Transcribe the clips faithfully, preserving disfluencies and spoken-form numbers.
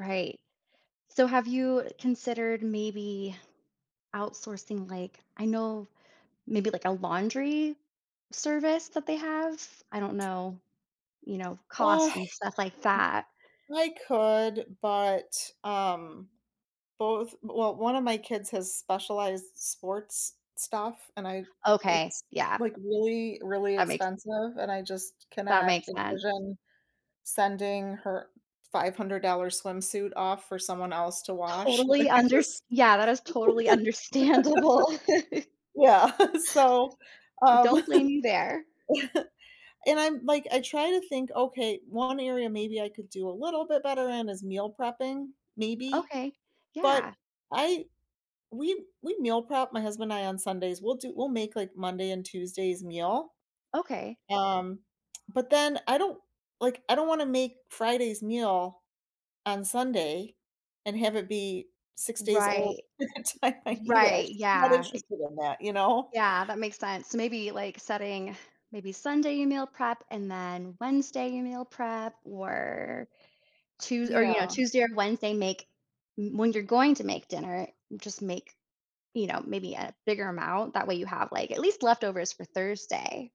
Right, so, have you considered, maybe, outsourcing, like I know, maybe, like, a laundry service that they have? I don't know, you know, M cost and stuff like that. I could but, um, both well, one of my kids has specialized sports stuff and I Okay, it's, yeah. like, really, really That makes expensive and I just That cannot makes sense. envision sending her five-hundred-dollar swimsuit off for someone else to wash. Totally I unders just yeah, that is totally understandable. yeah, so, I um, don't blame you there. and I'm like, I try to think, "Okay, one area maybe I could could do a little bit better in is meal prepping, maybe." Okay, But, yeah. I we we meal prep, my husband and I, on Sundays we'll do we'll make, like, Monday and Tuesday's meal, Okay. um, but then, I don't like, I don't wanna make Friday's meal on Sunday and have it be six days old Right, by the time r I eat it. I'm right, just not yeah i interested in that, you know. Yeah, that makes sense, s maybe, like, setting maybe Sunday meal prep and, then, Wednesday meal prep or Tues or, you know, Yeah. Tuesday or Wednesday make m when you're going to make dinner, just make, you know, maybe a bigger amount, that way you have, like at least leftovers for Thursday.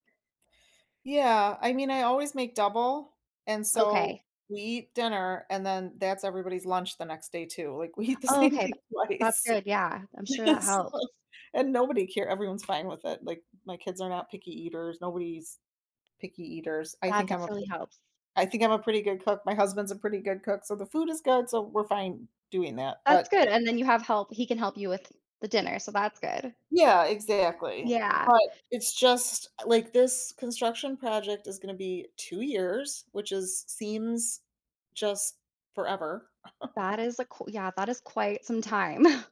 Yeah, I mean, I always make double, and, so, Okay. we eat dinner and, then, that's everybody's lunch the next day, too, like, we eat the Oh, same okay, tha thing that's twice. good, yeah, I'm sure that So helps. and nobody care everyone's fine with it, like, my kids are not picky eaters, nobody's picky eaters, I That think I'm a p definitely helps. I think I'm a pretty good cook, my husband's a pretty good cook, so the food is good, so, we're fine doing that, That's but good, and then you have help he can help you with the dinner, so that's good. Yeah, exactly, Yeah. but, it's just like, this construction project is gonna be two years, which is seems just forever. That is a q yeah, that is quite some time.